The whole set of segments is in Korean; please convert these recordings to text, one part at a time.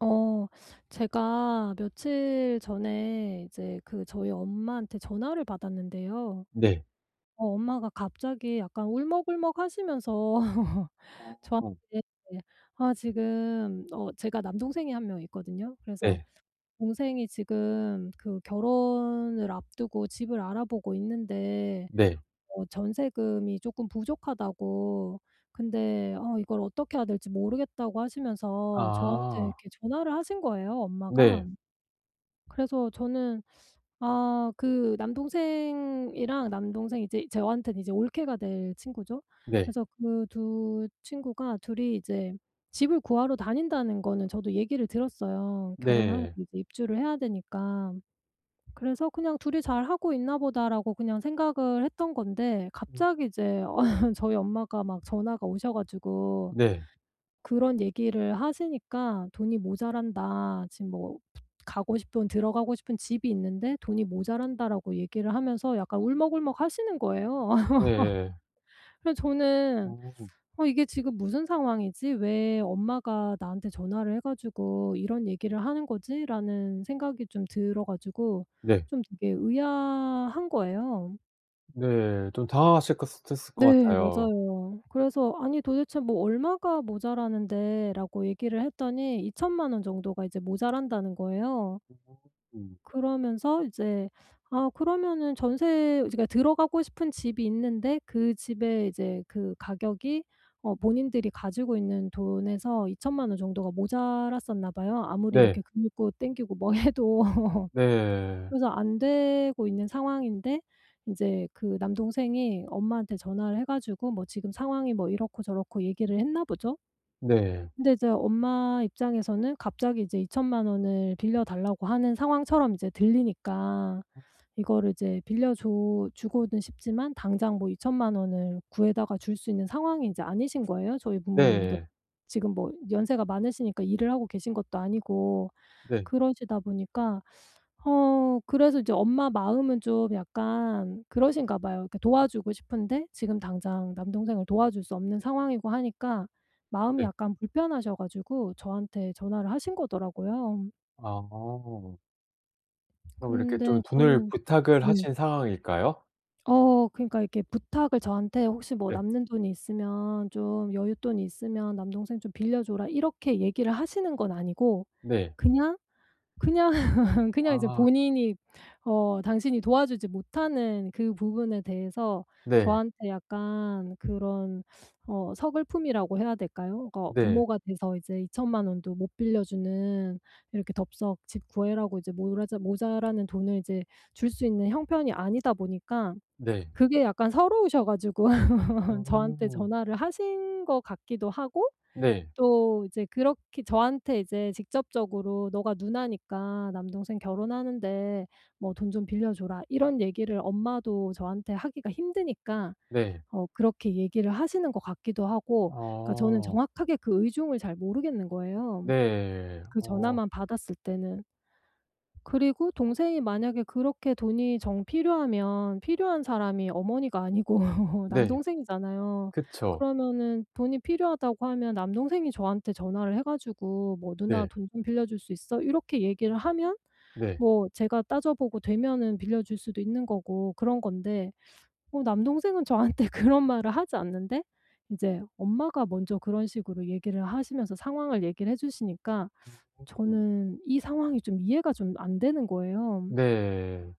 어 제가 며칠 전에 이제 그 저희 엄마한테 전화를 받았는데요. 네. 어 엄마가 갑자기 약간 울먹울먹하시면서 어. 저한테 아 지금 어 제가 남동생이 1 명 있거든요. 그래서 네. 동생이 지금 그 결혼을 앞두고 집을 알아보고 있는데 네. 어 전세금이 쪼끔 부족하다고 근데 어 이걸 어떻게 해야 될지 모르겠다고 하시면서 저한테 아. 이렇게 전화를 하신 거예요 엄마가. 네. 그래서 저는 아 그 남동생이랑 남동생 이제 저한테는 이제 올케가 될 친구죠. 네. 그래서 그 2 친구가 2 이 이제 집을 구하러 다닌다는 거는 저도 얘기를 들었어요. 결혼하고 네. 이제 입주를 해야 되니까. 그래서 그냥 '2 이 잘하고 있나 보다.'라고 그냥 생각을 했던 건데 음 갑자기 이제 음. 저희 엄마가 막 전화가 오셔 가지고 네. 그런 얘기를 하시니까 "돈이 모자란다. 지금 뭐 가고 싶은 들어가고 싶은 집이 있는데 돈이 모자란다."라고 얘기를 하면서 약간 울먹울먹하시는 거예요. 음 예예. 그래서 저는 어. '어 이게 지금 무슨 상황이지? 왜 엄마가 나한테 전화를 해 가지고 이런 얘기를 하는 거지?'라는 생각이 좀 들어 가지고 네. 좀 되게 의아한 거예요. 네. 좀 당황하셨겄셨 셨을 것 네. 같아요. 맞아요. 그래서 "아니 도대체 뭐 얼마가 모자라는데." 라고 얘기를 했더니 20,000,000 원 정도가 이제 모자란다는 거예요. 어 음. 그러면서 이제 아 그러면은 전세 그러니까 들어가고 싶은 집이 있는데 그 집에 이제 그 가격이 어 본인들이 가지고 있는 돈에서 20,000,000 원 정도가 모자랐었나 봐요 아무리 네. 이렇게 긁고 당기고 뭐 해도. 네. 그래서 안 되고 있는 상황인데 이제 그 남동생이 엄마한테 전화를 해 가지고 뭐 지금 상황이 뭐 이렇고 저렇고 얘기를 했나 보죠? 네. 근데 이제 엄마 입장에서는 갑자기 이제 20,000,000 원을 빌려 달라고 하는 상황처럼 이제 들리니까 어 음. 이거를 이제 빌려 줘 주고는 싶지만 당장 뭐 20,000,000 원을 구해다가 줄 수 있는 상황이 이제 아니신 거예요 저희 부모님도. 네. 지금 뭐 연세가 많으시니까 일을 하고 계신 것도 아니고 네. 그러시다 보니까 어 그래서 이제 엄마 마음은 좀 약간 그러신가 봐요. 그러니까 도와주고 싶은데 지금 당장 남동생을 도와줄 수 없는 상황이고 하니까 마음이 네. 약간 불편하셔 가지고 저한테 전화를 하신 거더라고요. 아. 그럼 이렇게 좀 근데 돈을 저는 부탁을 네. 하신 상황일까요? 어 그러니까 이렇게 부탁을 저한테 혹시 뭐 네. "남는 돈이 있으면 좀 여윳돈이 있으면 남동생 좀 빌려 줘라." 이렇게 얘기를 하시는 건 아니고 네. 그냥, 그냥, 그냥 이제 아. 본인이 어 당신이 도와주지 못하는 그 부분에 대해서 네. 저한테 약간 그런 어 서글픔이라고 해야 될까요? 어 네. 부모가 돼서 이제 2,000,000 원도 못 빌려 주는 이렇게 덥석 집 구해라고 이제 모라자 모자라는 돈을 이제 줄 수 있는 형편이 아니다 보니까 네. 그게 약간 서러우셔 가지고 저한테 음. 전화를 하신 것 같기도 하고 네. 또 이제 그렇게 저한테 이제 직접적으로 "너가 누나니까 남동생 결혼하는데 뭐 돈 좀 빌려 줘라." 이런 얘기를 엄마도 저한테 하기가 힘드니까 네. 어 그렇게 얘기를 하시는 것 같기도 하고. 그러니까 저는 어. 정확하게 그 의중을 잘 모르겠는 거예요 네. 그 어. 전화만 받았을 때는. 그리고 동생이 만약에 그렇게 돈이 정 필요하면 필요한 사람이 어머니가 아니고 네. 남동생이잖아요. 그쵸. 그러면은 돈이 필요하다고 하면 남동생이 저한테 전화를 해 가지고 뭐 "누나 네. 돈 좀 빌려줄 수 있어?" 이렇게 얘기를 하면 네. 뭐 제가 따져 보고 되면은 빌려 줄 수도 있는 거고 그런 건데 뭐 남동생은 저한테 그런 말을 하지 않는데 이제 엄마가 먼저 그런 식으로 얘기를 하시면서 상황을 얘기를 해 주시니까 [unintelligible] 저는 이 상황이 좀 이해가 좀 안 되는 거예요. 네.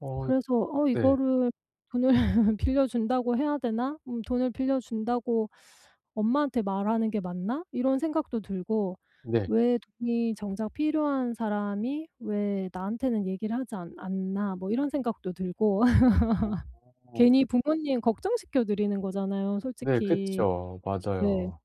어 그래서 어 네. 이거를' 돈을 빌려 준다고 해야 되나? 음 돈을 빌려준다고 엄마한테 말하는 게 맞나?' 이런 생각도 들고. 네. '왜 돈이 정작 필요한 사람이 왜 나한테는 얘기를 하지 않 않나?' 뭐 이런 생각도 들고. 어. 괜히 부모님 걱정시켜 드리는 거잖아요 네 솔직히. 그쵸. 네. 맞아요.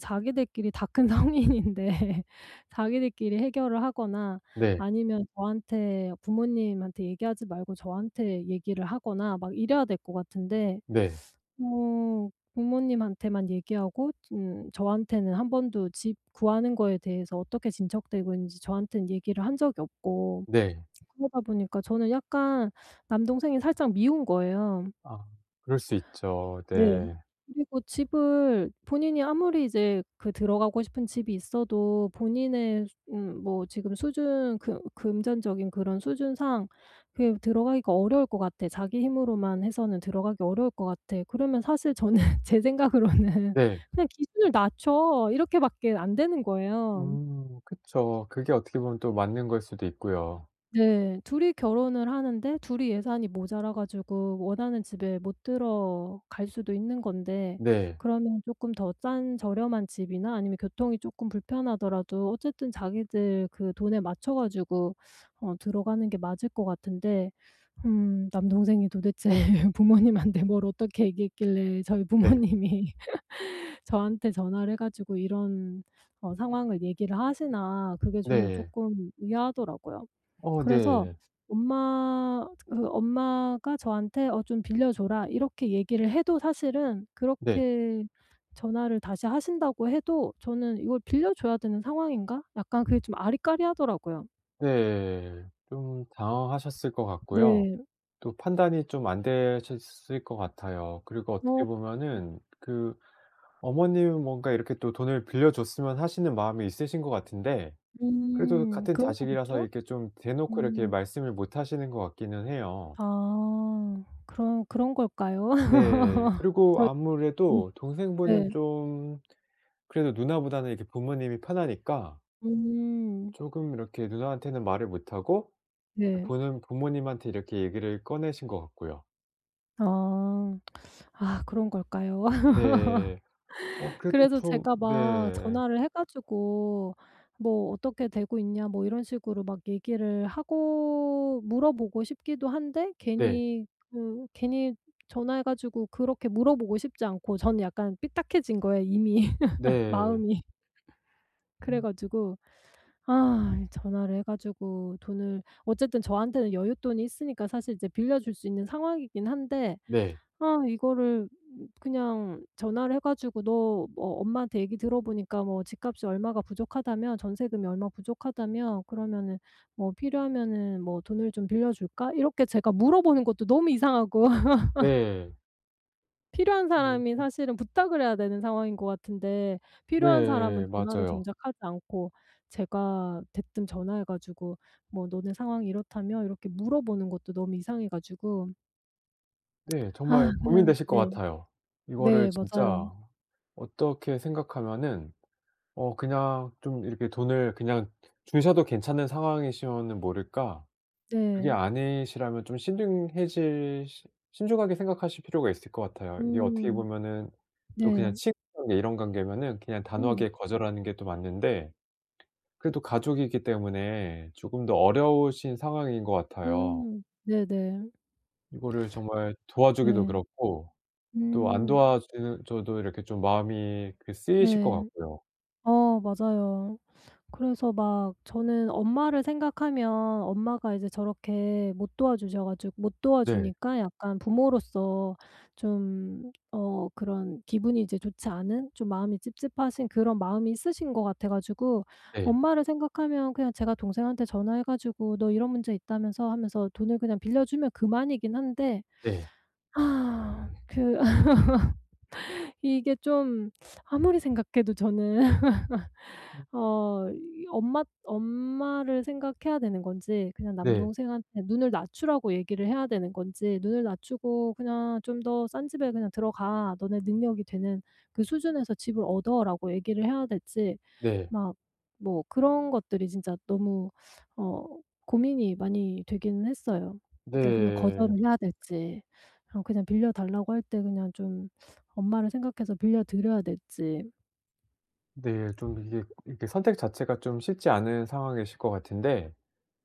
자기들끼리 다 큰 성인인데 자기들끼리 해결을 하거나 네. 아니면 저한테 부모님한테 얘기하지 말고 저한테 얘기를 하거나 막 이래야 될 것 같은데 네. 뭐 부모님한테만 얘기하고 음 저한테는 1 번도 집 구하는 거에 대해서 어떻게 진척되고 있는지 저한테는 얘기를 한 적이 없고. 네. 그러다 보니까 저는 약간 남동생이 살짝 미운 거예요. 아 그럴 수 있죠. 네. 네. 그리고 집을 본인이 아무리 이제 그 들어가고 싶은 집이 있어도 본인의 수 음 뭐 지금 수준 금 금전적인 그런 수준상 그냥 들어가기가 어려울 것 같아. 자기 힘으로만 해서는 들어가기 어려울 것 같아. 그러면 사실 저는 제 생각으로는 네. '그냥 기준을 낮춰.' 이렇게 밖에 안 되는 거예요. 음 그쵸. 그게 어떻게 보면 또 맞는 거일 수도 있고요. 네. 2 이 결혼을 하는데 2 이 예산이 모자라 가지고 원하는 집에 못 들어갈 수도 있는 건데 네. 그러면 쪼끔 더 싼 저렴한 집이나 아니면 교통이 쪼끔 불편하더라도 어쨌든 자기들 그 돈에 맞춰 가지고 어 들어가는 게 맞을 것 같은데 음 '남동생이 도대체 부모님한테 뭘 어떻게 얘기했길래 저희 네. 부모님이 저한테 전화를 해 가지고 이런 어 상황을 얘기를 하시나.' 그게 저는 네. 쪼끔 의아하더라고요. 어 그래서 네. 엄마 그 엄마가 저한테 "어 좀 빌려 줘라." 이렇게 얘기를 해도 사실은 네. 그렇게 전화를 다시 하신다고 해도 저는 이걸 '빌려줘야 되는 상황인가?' 약간 그게 좀 아리까리하더라고요. 네. 좀 당황하셨을 것 같고요. 네. 또 판단이 좀 안 되셨을 것 같아요. 그리고 어떻게 어 음. 보면은 그 어머님은 뭔가 이렇게 또 돈을 빌려 줬으면 하시는 마음이 있으신 것 같은데 그래도 음 같은 그런 자식이라서 거겠죠? 이렇게 좀 대 놓고 이렇게 음. 말씀을 못 하시는 것 같기는 해요. 아 그런 그런 걸까요? 네. 그리고 저희 음. 아무래도 동생분은 네. 좀 그래도 누나보다는 이렇게 부모님이 편하니까 음. 쪼금 이렇게 누나한테는 말을 못하고 그 네. 돈은 부모님한테 이렇게 얘기를 꺼내신 것 같고요. 아. 아 그런 걸까요? 네. 어 그래도 그래서 좀 제가 막 네. 전화를 해 가지고 뭐 "어떻게 되고 있냐." 뭐 이런 식으로 막 얘기를 하고 물어 보고 싶기도 한데 네. 괜히 그 괜히 전화해 가지고 그렇게 물어 보고 싶지 않고 저는 약간 삐딱해진 거예요 이미 네. 마음이. 그래 음. 가지고 아 이 전화를 해 가지고 돈을 어쨌든 저한테는 여윳돈이 있으니까 사실 이제 빌려 줄 수 있는 상황이기는 한데 네. 아 이거를 그냥 전화를 해 가지고 "너 뭐 엄마한테 얘기 들어보니까 뭐 집값이 얼마가 부족하다며? 전세금이 얼마가 부족하다며? 그러면은 뭐 필요하면은 뭐 돈을 좀 빌려 줄까?" 이렇게 제가 물어 보는 것도 너무 이상하고 예. 필요한 사람이 어. 사실은 부탁을 해야 되는 상황인 것 같은데 필요한 사람은 네 전화를 맞아요. 정작 하지 않고 제가 대뜸 전화해 가지고 뭐 "너네 상황이 이렇다며?" 이렇게 물어 보는 것도 너무 이상해 가지고 네. 아 정말 그냥 고민되실 것 네. 같아요. 이거를 네 맞아요. 진짜 어떻게 생각하면은 어 그냥 좀 이렇게 돈을 그냥 주셔도 괜찮은 상황이시면은 모를까 그게 네. 아니시라면 좀 신중해질 신 신중하게 생각하실 필요가 있을 것 같아요. 이게 어떻게 음. 보면은 또 그냥 네. 친구 관계 이런 관계면은 그냥 음. 단호하게 거절하는 게 또 맞는데 그래도 가족이기 때문에 조금 더 어려우신 상황인 것 같아요. 음 네네. 이거를 정말 도와주기도 네. 그렇고 또 안 음. 도와주 줘도 이렇게 좀 마음이 그 쓰이실 것 네. 같고요. 어 맞아요. 그래서 막 저는 엄마를 생각하면 엄마가 이제 저렇게 못 도와주셔 가지고 못 네. 도와주니까 약간 부모로서 좀 어 그런 기분이 이제 좋지 않은 좀 마음이 찝찝하신 그런 마음이 있으신 것 같아 가지고 네. 엄마를 생각하면 그냥 제가 동생한테 전화해 가지고 "너 이런 문제 있다면서?" 하면서 돈을 그냥 빌려 주면 그만이긴 한데 네. 아 그 이게 좀 아무리 생각해도 저는 음. 어 엄마 엄마를 생각해야 되는 건지 그냥 네. 남동생한테 눈을 낮추라고 얘기를 해야 되는 건지 "눈을 낮추고 그냥 좀 더 싼 집에 그냥 들어가. 너네 능력이 되는 그 수준에서 집을 얻어."라고 얘기를 해야 될지 네. 막 뭐 그런 것들이 진짜 너무 어 고민이 많이 되긴 했어요. 그냥 네. 거절을 해야 될지 그냥 빌려 달라고 할 때 그냥 좀 엄마를 생각해서 빌려 드려야 될지. 네 좀 이게 이렇게 선택 자체가 좀 쉽지 않은 상황이실 것 같은데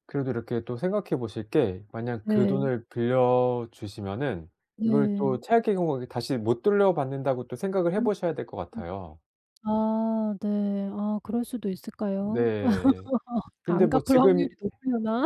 그래도 이렇게 또 생각해 보실 게 만약 그 네. 돈을 빌려 주시면은 이걸 또 네. 최악의 경우에는 다시 못 돌려 받는다고 또 생각을 해 음 보셔야 될 것 으음. 같아요. 아 네. 아 그럴 수도 있을까요? 네. 근데 안 뭐 갚을 지금 해 확률이 높으려나?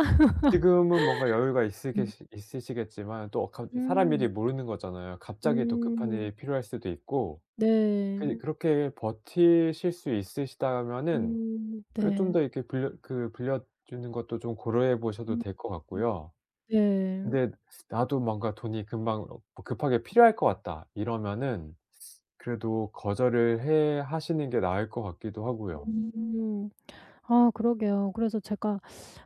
지금은 뭔가 여유가 음. 있으겠으 있으시겠지만 또 어카 사람 음. 일이 모르는 거잖아요. 갑자기 또 급한 음. 일이 필요할 수도 있고 네. 그니 그렇게 버티실 수 있으시다면은 음 그 좀 네. 더 이렇게 빌려 그 빌려 주는 것도 좀 고려해 보셔도 음 될 것 음. 같고요. 네. 근데 '나도 뭔가 돈이 금방 급하게 필요할 것 같다.' 이러면은 그래도 거절을 해 하시는 게 나을 것 같기도 하고요. 음. 아 그러게요. 그래서 제가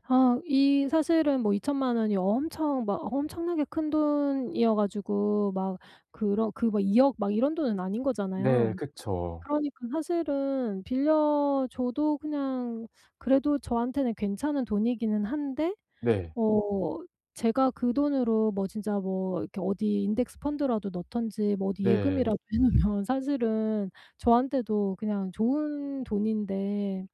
아 이 사실은 뭐 20,000,000 원이 엄청 막 엄청나게 큰 돈이어 가지고 막 그런 그 200,000,000 이런 돈은 아닌 네, 거잖아요. 그쵸. 그러니까 사실은 빌려 줘도 그냥 그래도 저한테는 괜찮은 돈이기는 한데 네. 어 제가 그 돈으로 뭐 진짜 뭐 이렇게 어디 인덱스 펀드라도 넣든지 뭐 어디 네. 예금이라도 해 놓으면 사실은 저한테도 그냥 좋은 돈인데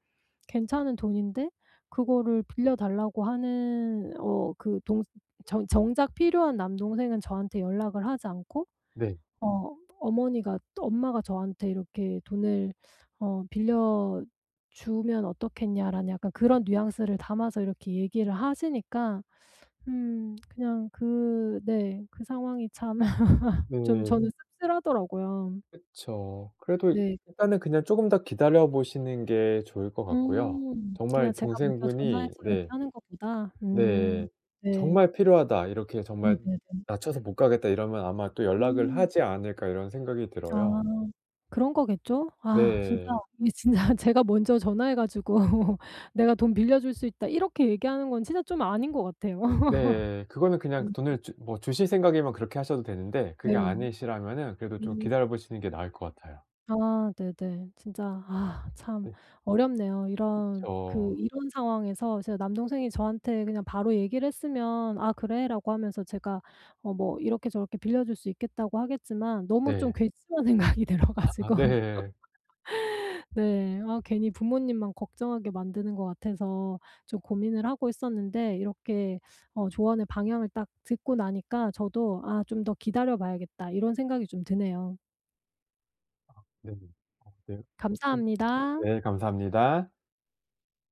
괜찮은 돈인데 그거를 빌려 달라고 하는 어 그 동생 정작 필요한 남동생은 저한테 연락을 하지 않고 네. 어 어머니가 엄마가 저한테 이렇게 "돈을 어 빌려주면 어떻겠냐."라는 약간 그런 뉘앙스를 담아서 이렇게 얘기를 하시니까 음 그냥 그 네 그 상황이 참 좀 네. 저는 씁쓸하더라고요. 그쵸. 그래도 네. 일단은 그냥 쪼금 더 기다려 보시는 게 좋을 것 같고요. 음. 그냥 정말 제가 먼저 전화해서 동생분이 이렇게 네 하는 것보다? 음 네. 네. '정말 필요하다. 이렇게 정말 네네네. 낮춰서 못 가겠다.' 이러면 아마 또 '연락을 음. 하지 않을까.' 이런 생각이 아 들어요. 그런 거겠죠? 아 진짜 네. 이 진짜 제가 먼저 전화해 가지고 "내가 돈 빌려줄 수 있다." 이렇게 얘기하는 건 진짜 좀 아닌 것 같아요. 네. 그거는 그냥 음. 돈을 주 뭐 주실 생각이면 그렇게 하셔도 되는데 네. 그게 아니시라면은 그래도 좀 어. 기다려 보시는 게 나을 것 같아요. 아 네네. 진짜 아 참 네. 어렵네요. 이런 그 그쵸. 이런 상황에서 제 남동생이 저한테 그냥 바로 얘기를 했으면 "아 그래?" 라고 하면서 제가 어 뭐 이렇게 저렇게 빌려 줄 수 있겠다고 하겠지만 너무 좀 네. 괘씸한 생각이 들어 아 가지고. 네. 네. 아 괜히 부모님만 걱정하게 만드는 것 같아서 좀 고민을 하고 있었는데 이렇게 어 조언의 방향을 딱 듣고 나니까 저도 '아 좀 더 기다려 봐야겠다.' 이런 생각이 좀 드네요. 아 네. 아 네. 어. 감사합니다. 네 감사합니다.